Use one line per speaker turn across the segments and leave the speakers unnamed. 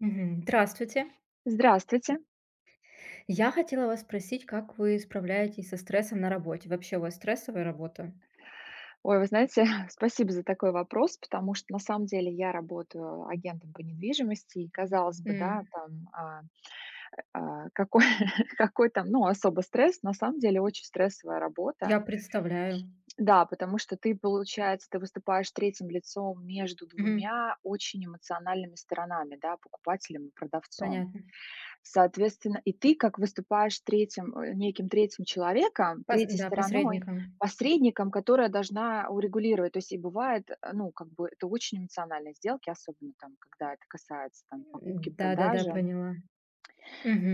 Мгм, здравствуйте.
Здравствуйте.
Я хотела вас спросить, как вы справляетесь со стрессом на работе? Вообще, у вас стрессовая работа?
Ой, вы знаете, спасибо за такой вопрос, потому что на самом деле я работаю агентом по недвижимости. И казалось бы, да,
М.
там, а а какой, какой там, ну, особо стресс. На самом деле очень стрессовая работа.
Я представляю.
Да, потому что ты, получается, ты выступаешь третьим лицом между
Мгм.
2 очень эмоциональными сторонами, да, покупателем и продавцом.
Понятно.
Соответственно, и ты как выступаешь 3 а, неким 3 человеком,
Пос
третьей
да,
стороной,
посредником.
посредником, которая должна урегулировать. То есть, и бывает, э, ну, как бы это очень эмоциональные сделки, особенно там, когда это касается там
М, да-да-да,
покупки-продажи.
поняла.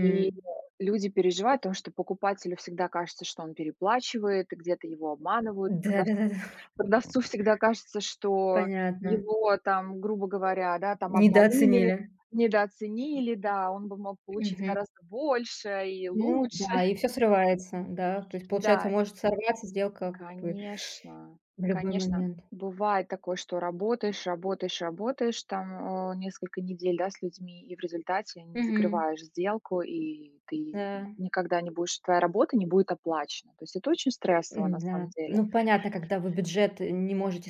И, э, люди переживают, потому что покупателю всегда кажется, что он переплачивает и где-то его обманывают.
Да-да-да, да.
Продавцу продавцу всегда кажется, что
Понятно.
его там, грубо говоря, да, там, обманули,
Недооценили.
недооценили. Да, он бы мог получить
Мгм.
гораздо больше и
Ну
лучше.
да, и всё срывается, да. То есть, получается,
Да.
может сорваться сделка как бы.
Конечно,
В любой
конечно,
момент.
бывает такое, что работаешь, работаешь, работаешь, там, а, несколько недель, да, с людьми, и в результате не
Мгм.
закрываешь сделку, и ты, м,
Да.
никогда не будешь твоя работа не будет оплачена. То есть это очень стрессово, на
М-да.
самом деле.
Ну, понятно, когда вы бюджет не можете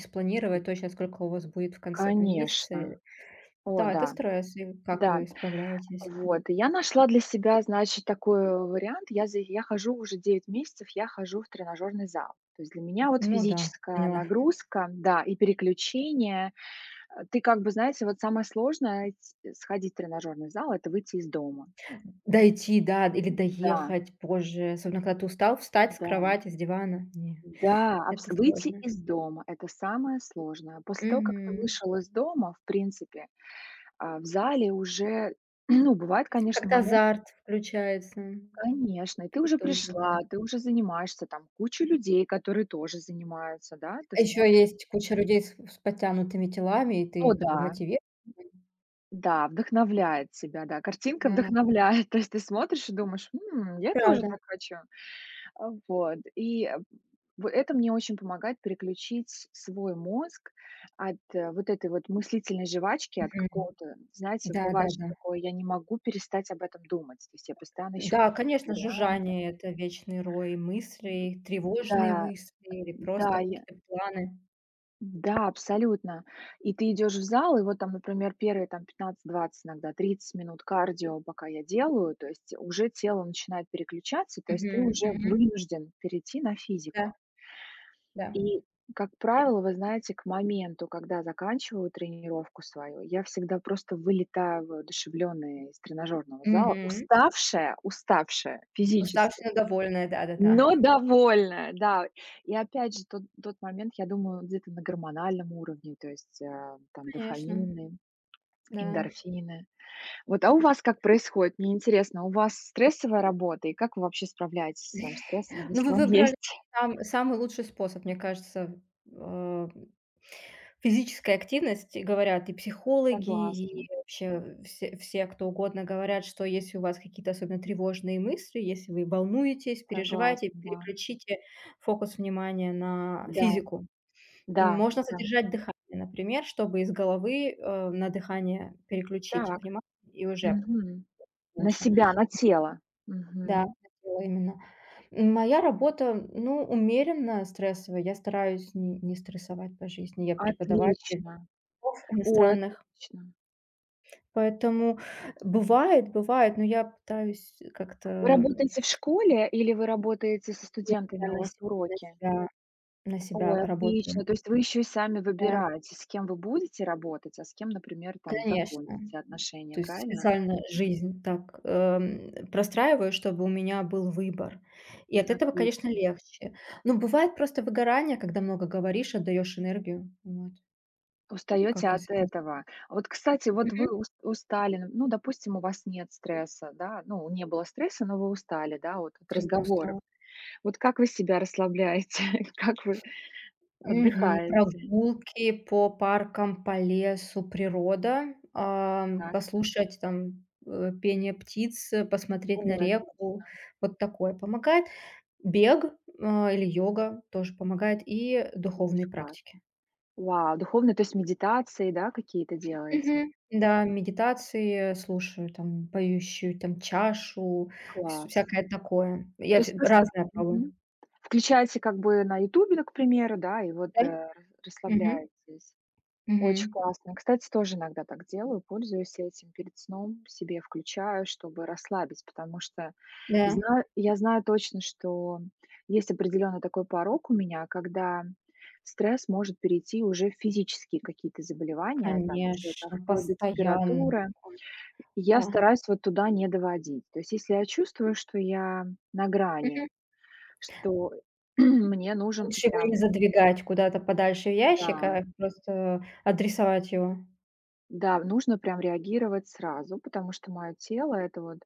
Мгм.
спланировать точно, сколько у вас будет в конце, там, месяца, э
Конечно. О
Да, это
да,
стресс. И как
да,
вы справляетесь?
вот. Я нашла для себя, значит, такой, а, вариант. Я за я хожу уже 9 месяцев, я хожу в тренажёрный зал. То есть для меня, вот,
Ну да,
физическая
поняла.
нагрузка, да, и переключение. Э, ты, как бы, знаете, вот самое сложное ить сходить в тренажёрный зал- это выйти из дома.
Дойти да д или
М-да.
доехать позже, особенно когда ты устал, встать с
Да.
кровати, с дивана? Не,
М-да,
это
абсо выйти
сложно.
из дома- это самое сложное. После того, как ты
Мгм.
вышел из дома, в принципе, а, в зале уже, ну, бывает, конечно,
Как-то
моменты
азарт включается.
Конечно, и ты уже
Тоже да.
пришла, ты уже занимаешься, там куча людей, которые тоже занимаются, да? Ты
А ещё
смотришь
есть куча людей с с подтянутыми телами, и
О
ты как бы
да. М.
мотивирует
Да, вдохновляет тебя. Да, картинка
Да.
вдохновляет. То есть ты смотришь и думаешь: "М, я тоже
Правда.
так хочу". А, вот. И, э, в это мне очень помогает переключить с свой мозг от вот этой вот мыслительной жвачки, от
Мгм.
какого-то, знаете,
Да да
бывает, что
да.
такое: "Я не могу перестать об этом думать", то есть я постоянно ищу
Н-да,
какие-то
конечно,
варианты.
жужжание- это вечный рой
Да,
мыслей, тревожные
а,
мысли или
да,
просто
я
какие-то планы.
М-да, абсолютно. И ты идешь в зал, и вот там, например, первые там 15-20, иногда 30 минут кардио, пока я делаю, то есть, э, уже тело начинает переключаться, то есть ты
Мгм,
уже
мгм.
вынужден перейти на
Да.
физику.
Да.
И, как правило, вы знаете, к моменту, когда заканчиваю тренировку свою, я всегда просто вылетаю воодушевлённая из тренажёрного зала.
Мгм.
Уставшая уставшая физически,
Уставшие, довольные, да да да.
но довольная, да. И опять же, тот тот момент, я думаю, где-то на гормональном уровне, то есть, э, там,
Конечно.
дофамины,
Да.
эндорфины. Вот, а у вас как происходит? Мне интересно, у вас стрессовая работа, и как вы вообще справляетесь со своим стрессом,
Но вы
если он
выбрали
есть?
сам самый лучший способ. Мне кажется, э, м. Физическая активность, говорят и психологи, и
Согласна.
вообще все все, кто угодно, говорят, что если у вас какие-то особенно тревожные мысли, если вы волнуетесь,
Согласна,
переживаете,
да.
переключите фокус внимания на
Да.
физику.
Да
Можно
да.
задержать дыхание, например, чтобы из головы, а, на дыхание переключить
Так.
внимание, и уже
Мгм. На
лучше,
себя, на
м.
тело.
Да,
Мгм.
на тело именно. Моя работа, ну, умеренно стрессовая. Я стараюсь н не стрессовать по жизни. Я преподаватель
Отлично.
языков
Ой,
иностранных.
отлично.
Поэтому бывает бывает, но я пытаюсь как-то,
Вы
м
работаете в школе или вы работаете со
Нет, я
студентами? У
на
вас
себя на
уроки?
себя на себя
Ой,
работаю.
отлично. То есть вы ещё и сами
Да.
выбираете, с кем вы будете работать, а с кем, например, там,
Конечно, м.
закончите отношения,
То есть
правильно?
специально жизнь так, эм, простраиваю, чтобы у меня был выбор. И от этого, конечно,
Отлично.
легче. Но бывает просто выгорание, когда много говоришь, отдаешь энергию, вот.
Устаёте
Как я
от
с этим?
этого. А вот, кстати, вот вы
Мгм.
ус устали. Ну, допустим, у вас нет стресса, да? Ну, не было стресса, но вы устали, да? Вот, от
Всё равно
разговоров.
устала.
Вот как вы себя расслабляете? Как вы
Мгм.
отдыхаете?
Прогулки по паркам, по лесу, природа, ам.
Так.
Послушать там, э, пение птиц, посмотреть на
Ой,
реку.
отлично.
Вот такое помогает. Бег, а, или йога тоже помогает, и духовные
Очень
практики.
классно. Вау, духовные, то есть, медитации, да, какие-то делаете?
Мгм, да, медитации слушаю, там, поющую, там, чашу, всё
Класс.
всякое такое. Я
То есть
фи
просто,
разное
мгм,
пробую.
включаете как бы на "Ютубе", ну, к примеру, да, и вот, э,
Да.
рас
Мгм.
расслабляетесь. Очень
Мгм.
классно. Кстати, тоже иногда так делаю, пользуюсь этим перед сном, себе включаю, чтобы расслабить, потому что
Да.
знаю я знаю точно, что есть определённый такой порог у меня, когда стресс может перейти уже в физические какие-то заболевания, там, уже, там,
Конечно,
вплоть до
постоянно
температуры. И я
такое. Да.
стараюсь вот туда не доводить. То есть, если я чувствую, что я на
Мгм.
грани, что мне нужен
Лучше его и не
прям
задвигать куда-то подальше в ящик,
Да.
а просто адресовать его.
Да, нужно прям реагировать сразу, потому что моё тело- это вот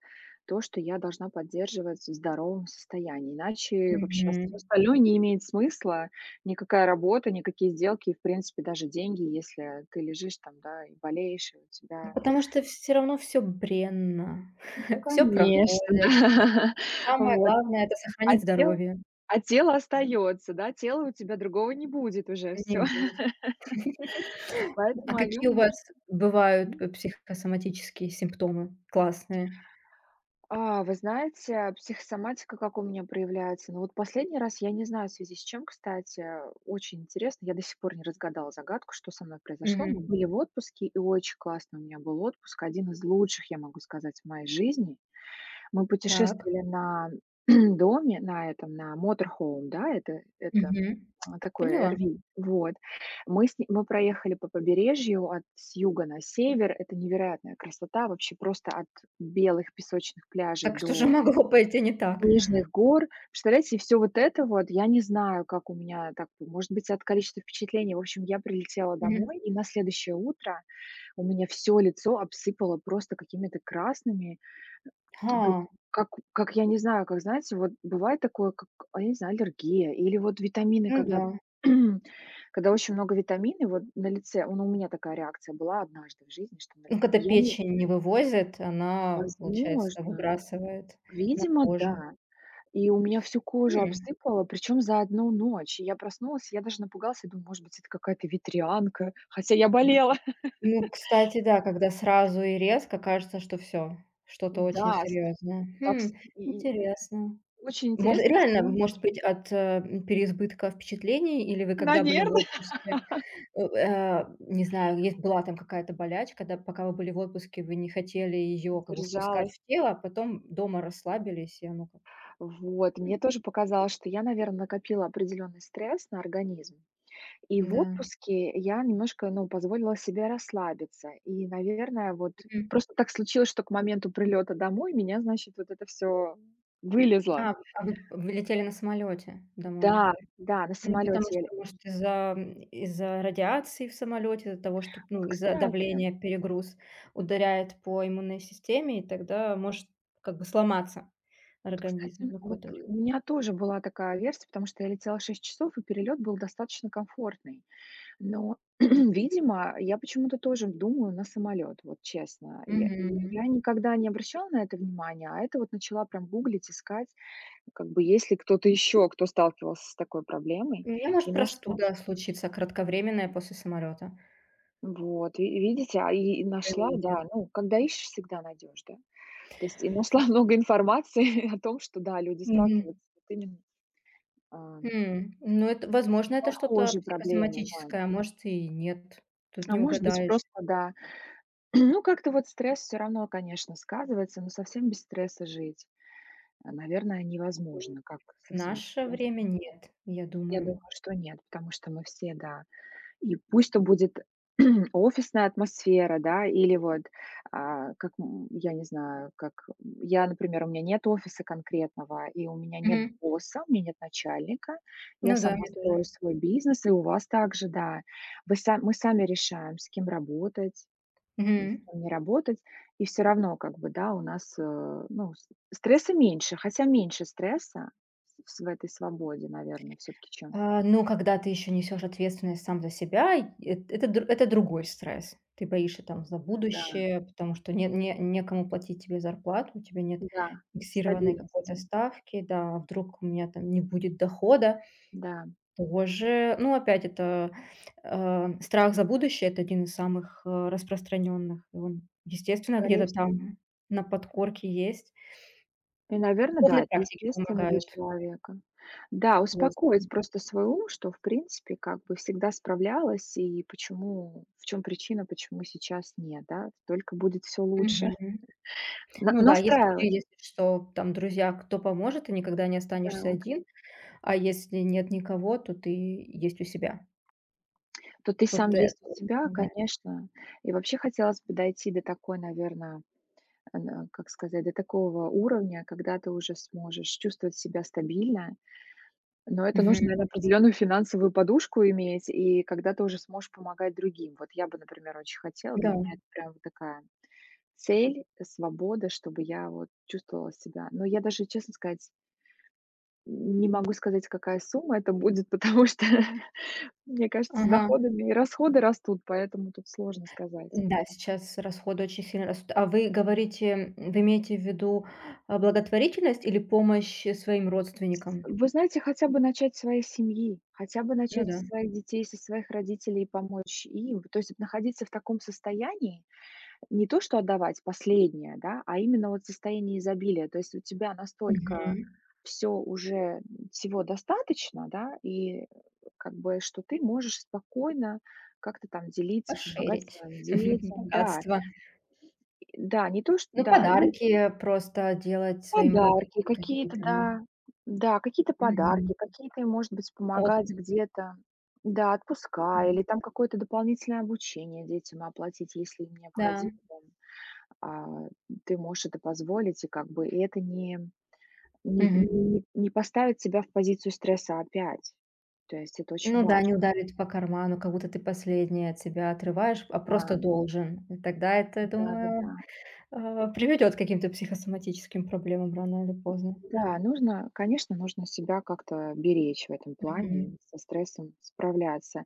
то, что я должна поддерживать в здоровом состоянии, иначе вообще всё
Мгм.
остальное не имеет смысла. Никакая работа, никакие сделки и, в принципе, даже деньги, если ты лежишь, там, да, и болеешь, и у
Ну,
тебя
потому что всё равно всё бренно, всё
Конечно, да.
проходит. Самое
Вот.
главное- это
А
сохранить
тело
здоровье.
а тело остаётся, да, тела у тебя другого не будет уже. Всё.
1. [unintelligible] А
Поэтому о
какие
нём
у вас
нужно,
бывают
м
п психосоматические симптомы классные?
А вы знаете, психосоматика как у меня проявляется? Ну, вот последний раз я не знаю, в связи с чем, кстати. Очень интересно, я до сих пор не разгадала загадку, что со мной произошло. Мы
Мгм.
были в отпуске, и очень классный у меня был отпуск, один из лучших, я могу сказать, в моей жизни. Мы
Так.
путешествовали на доме, на этом, на motorhome, да, это это
Мгм.
такое
Поняла.
RV. Вот. Мы с ним мы проехали по побережью, от с юга на север. Это невероятная красота. Вообще, просто от белых песочных пляжей
Так что же
до
могло пойти не так?
снежных гор. Представляете, всё вот это вот, я не знаю, как у меня так, может быть, от количества впечатлений. В общем, я прилетела
Мгм.
домой, и на следующее утро у меня всё лицо обсыпало просто какими-то красными, э, то есть
Ха.
как как, я не знаю, как, знаете, вот бывает такое, как, а, я не знаю, аллергия или, вот, витамины,
Ну
когда
да.
когда очень много витаминов, вот, на лице, ну, у меня такая реакция была однажды в жизни, что на ли
Ну, когда
я не
печень не вывозит, она, получается,
Возможно,
выбрасывает на
видимо,
кожу.
да. И у меня всю кожу
М.
обсыпало, причём за 1 ночь. И я проснулась, я даже напугалась и думала, может быть, это какая-то ветрянка, хотя я болела.
Ну, кстати, да, когда сразу и резко кажется, что всё, что-то очень
Да, стр
серьёзное.
так
Хм,
ст и и
интересно.
очень
Мож
интересно.
реально,
[unintelligible]
может быть, от э, м, переизбытка впечатлений? Или вы когда были в
Наверное.
отпуске, у э, не знаю, если была там какая-то болячка, да, пока вы были в отпуске, вы не хотели её, как бы, впускать
Держалась.
в тело, а потом дома расслабились, и оно как
Вот.
М.
Мне тоже показалось, что я, наверно, накопила определённый стресс на организм. И в
М-да.
отпуске я немножко, ну, позволила себе расслабиться. И, наверное, вот
Мгм.
просто так случилось, что к моменту прилёта домой у меня, значит, вот это всё вылезло.
А в а вы вы летели на самолёте домой.
Да да, на
Ну, потому
самолёте я ле
что,
э
может, из-за, м, из-за радиации в самолёте, из-за того, что, п ну,
Вот,
из-за
кстати.
давления перегруз ударяет по иммунной системе, и тогда может как бы сломаться
Вот,
организм
кстати,
на
вот,
какое-то
э,
время.
у меня тоже была такая версия, потому что я летела 6 часов и перелёт был достаточно комфортный. Но, видимо, я почему-то тоже думаю на самолёт. Вот, честно. Я
Мгм,
я
мгм.
я никогда не обращала на это внимание, а это вот начала прям гуглить, искать, как бы есть ли кто-то ещё, кто сталкивался с такой проблемой.
У меня может
И нашла.
простуда случиться, кратковременная, после самолёта.
Вот, ви видите, а, и нашла,
Иммунитет.
да. Ну, когда ищешь, всегда найдешь, да. То есть и нашла много информации о том, что, да, люди
Мгм.
сталкиваются вот именно, а
М, ну, это, возможно, это что-то
Похожие проблемы, да.
психосоматическое, а может, и нет. Тут
А
не
может быть,
угадаешь.
просто да. Ну, как-то вот стресс всё равно, конечно, сказывается, но совсем без стресса жить, а, наверное,
М,
невозможно. Как
в
совсем без
наше
стресса?
время нет, я
Я
думаю.
думаю, что нет, потому что мы все, да. И пусть там будет офисная атмосфера, да, или вот, а, как, м, я не знаю, как, м, я, например, у меня нет офиса конкретного, и у меня нет
Мгм.
босса, у меня нет начальника, я
Ну да,
сама
мне тоже.
строю свой бизнес, и у вас также, да. Вы сами мы сами решаем, с кем работать,
Мгм.
с кем не работать. И всё равно, как бы, да, у нас, э, ну, ст стресса меньше, хотя меньше стресса в св в этой свободе, наверно, всё-таки, чем
А, ну, когда ты ещё несёшь ответственность сам за себя, и эт это, др это другой стресс. Ты боишься, там, за
Да.
будущее, потому что не не некому платить тебе зарплату, у тебя нет
Да,
фиксированной какой-то
стабильности.
ставки. Да, а вдруг у меня там не будет дохода.
Да.
Тоже, ну, опять, это, э, страх за будущее, это 1 из самых, э, распространённых. И он, естественно,
Скорей
где-то
всего.
там на подкорке есть.
И, наверно, да,
Духовные
это
практики
естественно для
помогают.
человека. Да, успокоить
[unintelligible]
просто свой ум, что, в принципе, как бы всегда справлялась, и почему, в чём причина, почему сейчас нет, да? Только будет всё лучше.
Мгм.
На
Ну да, если у тебя,
настраивать.
если что, там друзья, кто поможет, ты никогда не останешься
Так.
один, а если нет никого, то ты есть у себя.
То ты сам
Вот это
есть у
вот
себя,
помогает.
конечно. И вообще хотелось бы дойти до такой, наверно, э, нэ как сказать, до такого уровня, когда ты уже сможешь чувствовать себя стабильно. Но это нужно, наверно,
Мгм.
определенную финансовую подушку иметь, и когда ты уже сможешь помогать другим. Вот я бы, например, очень хотела. Для
Да.
меня это прям такая цель, э, свобода, чтобы я вот чувствовала себя. Но я даже, честно сказать М, не могу сказать, какая сумма это будет, потому что мне кажется, с
Ага.
доходами и расходы растут, поэтому тут сложно сказать.
Н-да, сейчас расходы очень сильно растут. А вы говорите м, вы имеете в виду, а, благотворительность или помощь, э, своим родственникам?
Вы знаете, хотя бы начать со своей семьи, хотя бы
Ну
начать
да.
со своих детей, со своих родителей, помочь им. Вот, то есть, находиться в таком состоянии. Э, не то что отдавать последнее, да, а именно, вот, состояние изобилия. То есть, у тебя настолько
Мгм.
всё уже, всего достаточно, да, и, как бы, что ты можешь спокойно как-то там делиться, помогать
Пошэрить
своим детям. Да.
богатство.
И да, не то, что
Ну,
да и
подарки,
ещё.
э, просто делать своим родным
Подарки, какие-то,
какие-то, да.
да, да, какие-то
Мгм.
подарки, какие-то им, может быть, помогать
Отпуск.
где-то, да, отпуска или
Мгм.
там какое-то дополнительное обучение детям оплатить, если им необходимо
Да.
там, а, ты можешь это позволить, и как бы, и это не не
Мгм.
не не поставит тебя в позицию стресса опять. То есть это очень
Ну да,
важно.
не ударит по карману, как будто ты последнее от себя отрываешь, а просто
Да.
должен. Тогда это,
М,
думаю,
да-да-да.
а, приведёт к каким-то психосоматическим проблемам рано или поздно.
Да, нужно, конечно, нужно себя как-то беречь в этом плане
Мгм.
и со стрессом справляться,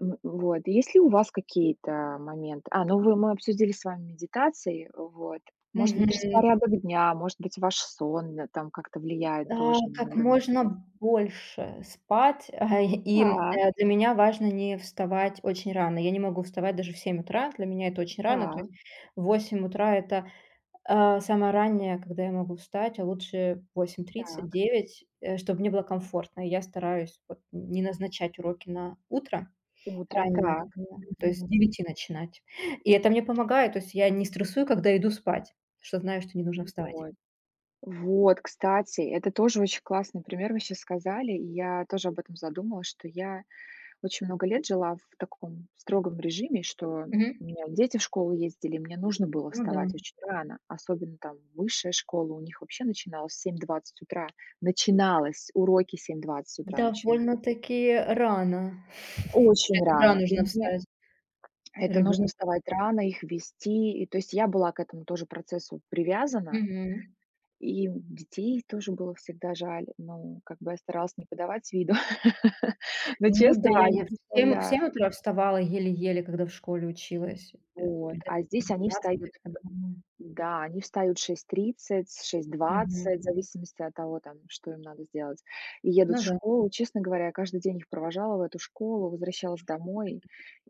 м Вот. Есть ли у вас какие-то моменты? А, ну, вы мы обсудили с вами медитации. Вот. Может быть,
Мгм.
распорядок дня, может быть, ваш сон на там как-то влияет
А,
тоже на
как
уровень
можно
стресса.
больше спать, а, и
Так.
для меня важно не вставать очень рано. Я не могу вставать даже в 7 утра, для меня это очень рано. То
Так.
есть 8 утра- это, а, самое раннее, когда я могу встать, а лучше 8:30,
Так.
9, э, чтоб мне было комфортно. И я стараюсь вот не назначать уроки на утро
Утро.
раннее,
Так.
примерно, то есть с
Мгм.
9 начинать. И это мне помогает, то есть я не стрессую, когда иду спать, потому что знаю, что не нужно
Ну,
вставать.
вот. Вот, кстати, это тоже очень классный пример. Вы сейчас сказали, и я тоже об этом задумалась, что я очень много лет жила в таком строгом режиме, что
Мгм.
у меня дети в школу ездили, мне нужно было
Ну да.
вставать очень рано, особенно, там, высшая школа у них вообще начиналась в 7:20 утра. Начиналось уроки 7:20 утра начинались.
Довольно-таки рано.
Очень
Это да,
рано. И
нужно
мне
встать.
Это нужно
Ребёнку.
вставать рано, их вести. И то есть я была к этому тоже процессу привязана.
Мгм.
И детей тоже было всегда жаль. Ну, как бы я старалась не подавать виду, но,
Ну
честно,
да,
я не
я в 7 в
представляю.
7 утра вставала еле-еле, когда в школе училась. Э,
Вот,
[unintelligible]
а здесь они
20 лет
встают,
тому назад.
да, они встают в 6:30, шесть
Мгм.
двадцать, в зависимости от того, там, что им надо сделать, и едут
Ну
в
да.
школу. Честно говоря, я каждый день их провожала в эту школу, возвращалась домой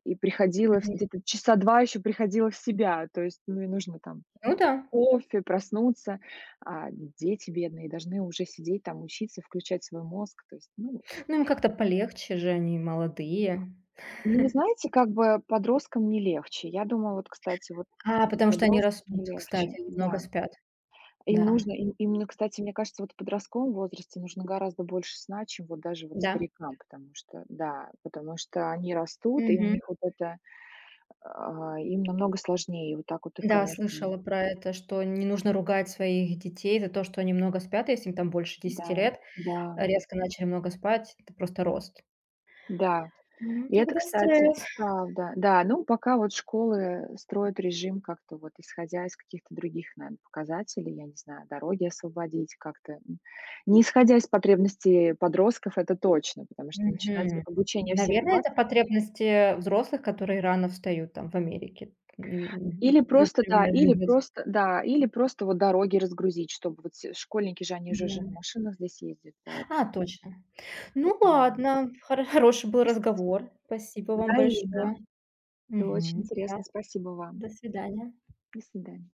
и приходила в
Мгм.
где-то часа 2 ещё приходила в себя. То есть, ну, и нужно там
Ну да.
кофе, проснуться, а дети бедные должны уже сидеть там, учиться, включать свой мозг. То есть, ну.
Ну, им как-то полегче же, они молодые.
Ну, вы знаете, как бы подросткам не легче. Я думаю, вот, кстати, вот,
А
м
потому что они
подросткам
растут,
не
кстати.
легче,
Они много
да.
спят.
Им
Да.
нужно, им именно, кстати, мне кажется, вот в подростковом возрасте нужно гораздо больше сна, чем вот даже вот
Да.
старикам, потому что, да, потому что они растут, и у
Мгм.
них вот это, а, им намного сложнее. Вот так вот их,
Да,
конечно.
слышала про это, что не нужно ругать своих детей за то, что они много спят, если им там больше 10
Да,
лет.
да.
Резко начали много спать. Это просто рост.
Да.
М,
И это,
тогда
кстати,
стресс.
правда. Да, ну, пока вот школы строят режим как-то вот исходя из каких-то других, наверно, показателей, я не знаю, дороги освободить как-то. Не исходя из потребностей подростков, это точно, потому что начинать
Мгм.
обучение в семь
Наверное,
двадцать.
это потребности, э, взрослых, которые рано встают там в Америке. М,
Или просто, да,
например.
или
[unintelligible]
просто, да, или просто вот дороги разгрузить, чтобы вот все школьники же, они же уже на
Да.
машинах здесь ездят, поэтому.
Ха, точно. Ну
Поэтому да.
ладно, хоро хороший был
Просто си
разговор. Спасибо вам
взаимно.
большое.
Было очень
Мгм. Да,
интересно, спасибо вам.
до свидания.
До свидания.